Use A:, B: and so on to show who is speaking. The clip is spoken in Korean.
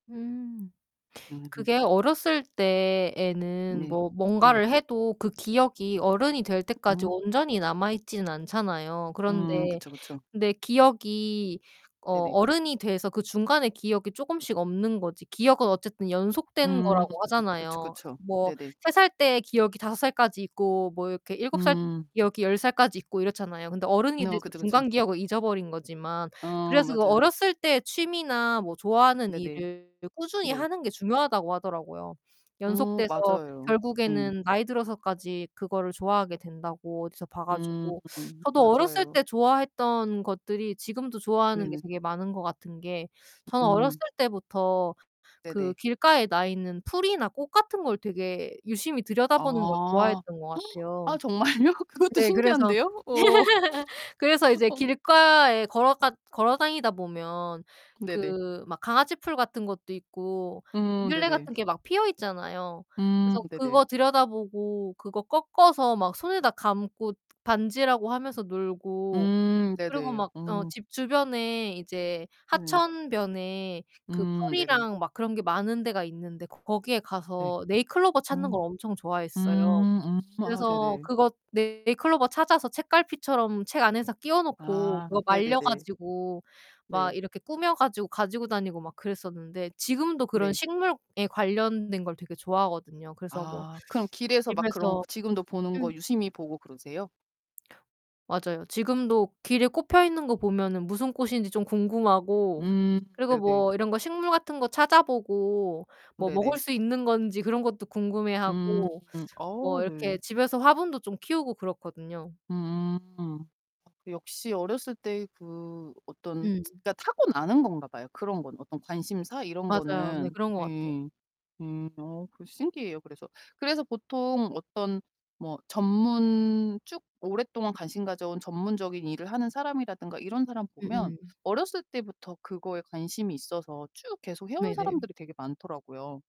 A: 음.
B: 음.
A: 그게 어렸을 때에는
B: 네
A: 뭐
B: 네.
A: 뭔가를 해도 그 기억이 어른이 될 때까지
B: 음.
A: 온전히 남아 있지는 않잖아요.
B: 음
A: 그런데
B: 그쵸, 그쵸.
A: 근데 기억이 어
B: 네네.
A: 어른이 돼서 그 중간의 기억이 쪼금씩 없는 거지 기억은 어쨌든 연속된
B: 음
A: 거라고
B: 그쵸,
A: 하잖아요.
B: 그쵸.
A: 뭐
B: 네네.
A: 3 살 때 기억이 5 살까지 있고 뭐 이렇게 7 살
B: 음.
A: 기억이 10 살까지 있고 이렇잖아요 근데 어른이
B: 어,
A: 돼서
B: 그쵸 그쵸.
A: 중간 기억을 잊어버린 거지만.
B: 어
A: 그래서 그
B: 맞아요.
A: 어렸을 때 취미나 뭐 좋아하는
B: 네네.
A: 일을 꾸준히
B: 네.
A: 하는 게 중요하다고 하더라고요.
B: 어
A: 연속돼서
B: 맞아요. 예.
A: 결국에는 나이 들어서까지 그거를 좋아하게 된다고 어디서 봐
B: 음
A: 가지고 저도 어렸을
B: 맞아요.
A: 때 좋아했던 것들이 지금도 좋아하는 게
B: 네네.
A: 되게 많은 거 같은 게 저는 어렸을
B: 음.
A: 때부터
B: 네네.
A: 그 길가에 나 있는 풀이나 꽃 같은 걸 되게 유심히 들여다보는 걸
B: 아.
A: 좋아했던 것
B: 아
A: 같아요.
B: 정말요? 그것도
A: 네, 그래서
B: 신기한데요? 어.
A: 그래서 이제
B: 어
A: 길가에 걸어가 걸어 다니다 보면
B: 네네.
A: 그 막 강아지 풀 같은 것도 있고
B: 어,
A: 민들레
B: 네네.
A: 같은 게 막 피어있잖아요.
B: 음,
A: 그래서
B: 네네.
A: 그거 들여다보고 그거 꺾어서 막 손에다 감고 반지라고 하면서 놀고
B: 음,
A: 그리고
B: 네네.
A: 막 어
B: 음.
A: 집 주변에 이제
B: 예.
A: 하천변에 그
B: 음 네네.
A: 풀이랑 막 그런 게 많은 데가 있는데 거기에
B: 네.
A: 가서 네잎클로버 찾는
B: 음.
A: 걸 엄청 좋아했어요.
B: 음 음 아
A: 그래서
B: 네네.
A: 그거 네잎클로버 찾아서 책갈피처럼 책 안에다 끼워 놓고
B: 아,
A: 그거 말려
B: 네네네.
A: 가지고
B: 네.
A: 막 이렇게 꾸며 가지고 가지고 다니고 막 그랬었는데 지금도 그런
B: 네.
A: 식물에 관련된 걸 되게 좋아하거든요. 그래서 뭐
B: 아. 그럼 길에서 막 그런 거
A: 집에서
B: 지금도 보는 거
A: 음.
B: 유심히 보고 그러세요?
A: 맞아요. 지금도 길에 꽃 펴있는 거 보면은 무슨 꽃인지 좀 궁금하고
B: 음,
A: 그리고
B: 네네.
A: 뭐 이런 거 식물 같은 거 찾아보고 뭐 먹을
B: 네네.
A: 수 있는 건지 그런 것도 궁금해
B: 음.
A: 하고
B: 어
A: 뭐
B: 네.
A: 이렇게 집에서 화분도 좀 키우고 그렇거든요.
B: 음. 역시 어렸을 때의 그 어떤
A: 음.
B: 그러니까 타고나는 건가 봐요 그런 거는. 어떤 관심사 이런
A: 맞아요. 네,
B: 거는
A: 그런 것 같아요.
B: 예예. 음, 어 그 신기해요, 그래서. 그래서 보통 어떤 뭐 전문 쭉 오랫동안 관심 가져온 전문적인 일을 하는 사람이라든가 이런 사람 보면
A: 음음.
B: 어렸을 때부터 그거에 관심이 있어서 쭉 계속 해 온
A: 네네.
B: 사람들이 되게 많더라고요.